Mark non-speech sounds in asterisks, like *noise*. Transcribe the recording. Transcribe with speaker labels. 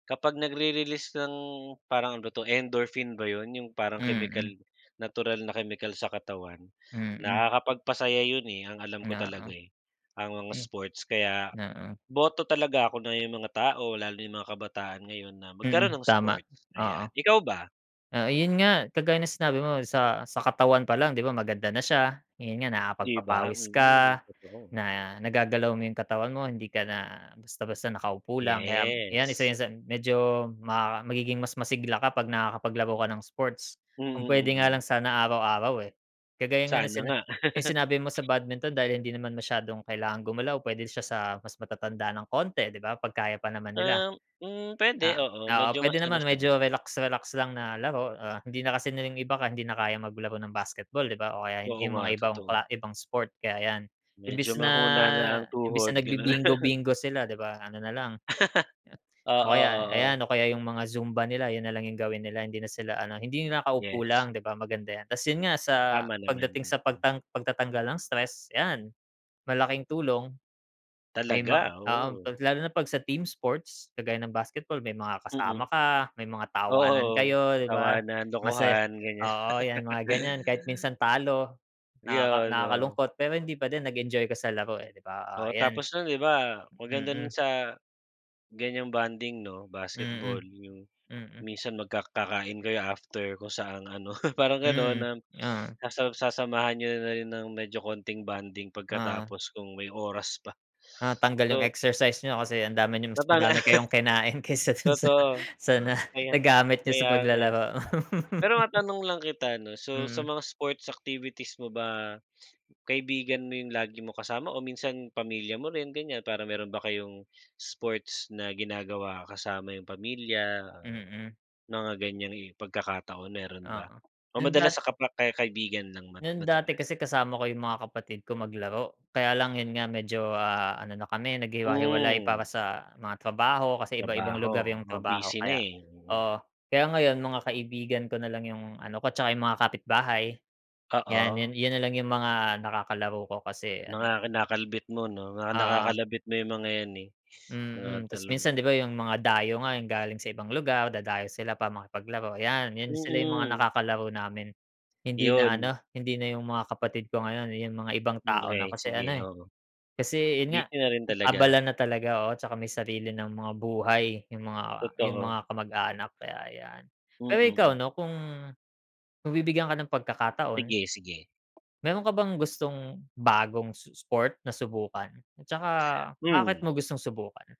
Speaker 1: Kapag nagre-release ng parang ano ba 'to, endorphin ba 'yun? 'Yung parang kemikal
Speaker 2: Mm.
Speaker 1: natural na kemikal sa katawan,
Speaker 2: Mm.
Speaker 1: nakakapagpasaya 'yun eh, ang alam ko
Speaker 2: Oo.
Speaker 1: talaga eh, ang
Speaker 2: Eh
Speaker 1: sports. Kaya
Speaker 2: Oo.
Speaker 1: boto talaga dun 'no, 'yung mga tao lalo na 'yung mga kabataan ngayon na magkaroon
Speaker 2: Mm.
Speaker 1: ng
Speaker 2: Tama.
Speaker 1: sports,
Speaker 2: Oo.
Speaker 1: ayan. Ikaw ba?
Speaker 2: Ah, ayun nga. Kagaya ng sinabi mo sa sa katawan pa lang, 'di ba maganda na siya, ayun nga
Speaker 1: 'Di ba?
Speaker 2: nakapagpapawis
Speaker 1: Mm.
Speaker 2: ka,
Speaker 1: Totoo.
Speaker 2: na nagagalaw mo 'yung katawan mo, hindi ka na basta-basta nakaupo lang. Kaya 'yan isa
Speaker 1: Yes.
Speaker 2: sa medyo ma magiging mas masigla ka 'pag nakakapaglaro ka ng sports. Kung puwede
Speaker 1: Mm,
Speaker 2: nga lang
Speaker 1: mm.
Speaker 2: sana araw-araw, eh. Kagaya nga nung
Speaker 1: Sana
Speaker 2: sina
Speaker 1: nga.
Speaker 2: 'yung sinabi mo sa badminton dahil hindi naman masyadong kailangan gumalaw, puwede siya sa mas matatanda ng konti, 'di ba? 'Pag kaya pa naman nila.
Speaker 1: Um, hmm, puwede.
Speaker 2: Ah
Speaker 1: Oo,
Speaker 2: ah, oo
Speaker 1: medyo mas
Speaker 2: pwede
Speaker 1: ano
Speaker 2: naman
Speaker 1: siya dun.
Speaker 2: medyo relax relax lang na laro. Ah, hindi na kasi nila 'yung iba hindi na kayang maglaro ng basketball, 'di ba o kaya
Speaker 1: Oo
Speaker 2: 'yung mga
Speaker 1: nga,
Speaker 2: ibang
Speaker 1: totoo.
Speaker 2: kla ibang sport, kaya 'yan.
Speaker 1: Medyo
Speaker 2: Imbes na
Speaker 1: mahina na ang
Speaker 2: imbes
Speaker 1: tuhod
Speaker 2: na
Speaker 1: gano'n.
Speaker 2: nagbibingo
Speaker 1: *chuckles*
Speaker 2: bingo sila, 'di ba, ano nalang ah,
Speaker 1: Oo,
Speaker 2: o kaya
Speaker 1: oo.
Speaker 2: ayan, o kaya 'yung mga zumba nila 'yun nalang 'yung gawin nila hindi na sila ano, hindi 'yung nakaupo
Speaker 1: Yes.
Speaker 2: lang, 'di ba, maganda 'yan. Tas 'yun nga sa
Speaker 1: Tama naman,
Speaker 2: pagdating sa
Speaker 1: mm.
Speaker 2: pagtang pagtatanggal ng stress, 'yan malaking tulong. May ma
Speaker 1: Talaga!
Speaker 2: oo.
Speaker 1: Oo.
Speaker 2: 'Pag lalo na 'pag sa team sports kagaya ng basketball may mga
Speaker 1: Mm.
Speaker 2: kasama ka, may mga tawanan
Speaker 1: Oo,
Speaker 2: kayo, 'di ba?
Speaker 1: tawanan,
Speaker 2: Masaya
Speaker 1: lokohan, ganyan. *laughs*
Speaker 2: oo, 'yan mga ganyan kahit minsan talo nakaka
Speaker 1: 'Yun, oo.
Speaker 2: nakakalungkot, pero hindi pa din nag-enjoy ka sa laro eh, 'di ba, ah,
Speaker 1: Oo,
Speaker 2: ayan.
Speaker 1: tapos no'n 'di ba, maganda
Speaker 2: Mm.
Speaker 1: sa ganyang bonding 'no, basketball
Speaker 2: Mm,
Speaker 1: 'yung
Speaker 2: mm.
Speaker 1: minsan magka kakain kayo after kung saan ano, *chuckles* parang ano
Speaker 2: Mm,
Speaker 1: na
Speaker 2: oo.
Speaker 1: sa sasamahan nyo na rin ng medyo konting bonding
Speaker 2: Oo.
Speaker 1: pagkatapos kung may oras pa.
Speaker 2: Ah tanggal 'yung
Speaker 1: So
Speaker 2: exercise niyo kasi ang dami nyong mas
Speaker 1: Maba
Speaker 2: madami kayong kinain
Speaker 1: *laughs*
Speaker 2: kaysa dun sa
Speaker 1: Totoo,
Speaker 2: sa na
Speaker 1: kaya
Speaker 2: nagamit niyo sa
Speaker 1: kaya nga.
Speaker 2: paglalaro.
Speaker 1: Pero
Speaker 2: *laughs*
Speaker 1: matanong lang kita ano, so sa
Speaker 2: Mm.
Speaker 1: mga sports activities mo ba, kaibigan mo 'yung lagi mong kasama o minsan pamilya mo rin ganyan para meron ba kayong sports na ginagawa kasama yung pamilya, ah,
Speaker 2: Mm.
Speaker 1: mga ganyang pagkakataon, meron ba?
Speaker 2: Oo.
Speaker 1: O
Speaker 2: Dun dat
Speaker 1: madalas sa kapa ka kaibigan lang ma
Speaker 2: No'n dati
Speaker 1: madalas?
Speaker 2: kasi kasama ko 'yung mga kapatid ko maglaro. Kaya lang 'yun nga medyo, ah, ano na kami naghiwa-hiwalay
Speaker 1: Hmm.
Speaker 2: para sa mga trabaho, kasi iba-ibang
Speaker 1: Trabaho,
Speaker 2: lugar 'yung
Speaker 1: oo
Speaker 2: trabaho
Speaker 1: busy na,
Speaker 2: kaya
Speaker 1: eh. Mm.
Speaker 2: oo. Kaya ngayon, mga kaibigan ko nalang 'yung ano ko, tsaka 'yung mga kapitbahay. 'Yan
Speaker 1: Oo.
Speaker 2: 'yun 'yun nalang 'yung mga nakakalaro ko kasi ano
Speaker 1: Mga kinakalbit mo 'no, mga
Speaker 2: Oo.
Speaker 1: nakakalabit mo 'yung mga 'yan, eh. Mga
Speaker 2: Mm. Tas
Speaker 1: talong.
Speaker 2: minsan 'di ba, 'yung mga dayo nga, 'yung galing sa ibang lugar, dadayo sila para makipaglaro 'yan. 'Yun sila 'yung mga
Speaker 1: Mm.
Speaker 2: nakakalaro namin. Hindi na
Speaker 1: 'Yun.
Speaker 2: ano, hindi na 'yung mga kapatid ko ngayon. 'Yung mga ibang
Speaker 1: Hmm,
Speaker 2: tao na
Speaker 1: siyempre,
Speaker 2: kasi
Speaker 1: sige,
Speaker 2: ano, eh,
Speaker 1: oo.
Speaker 2: kasi' yun nga,
Speaker 1: Busy na rin talaga.
Speaker 2: abala na talaga, oo, tsaka may sarili ng mga buhay 'yung mga ah, 'yung
Speaker 1: Totoo.
Speaker 2: mga kamag-anak, kaya ayan.
Speaker 1: Hmm,
Speaker 2: Pero ikaw,
Speaker 1: mm.
Speaker 2: 'no, kung kung bibigyan ka ng pagkakataon,
Speaker 1: Sige, sige.
Speaker 2: meron ka bang gustong bagong s sport na subukan at saka bakit mo
Speaker 1: Hmm.
Speaker 2: gustong subukan?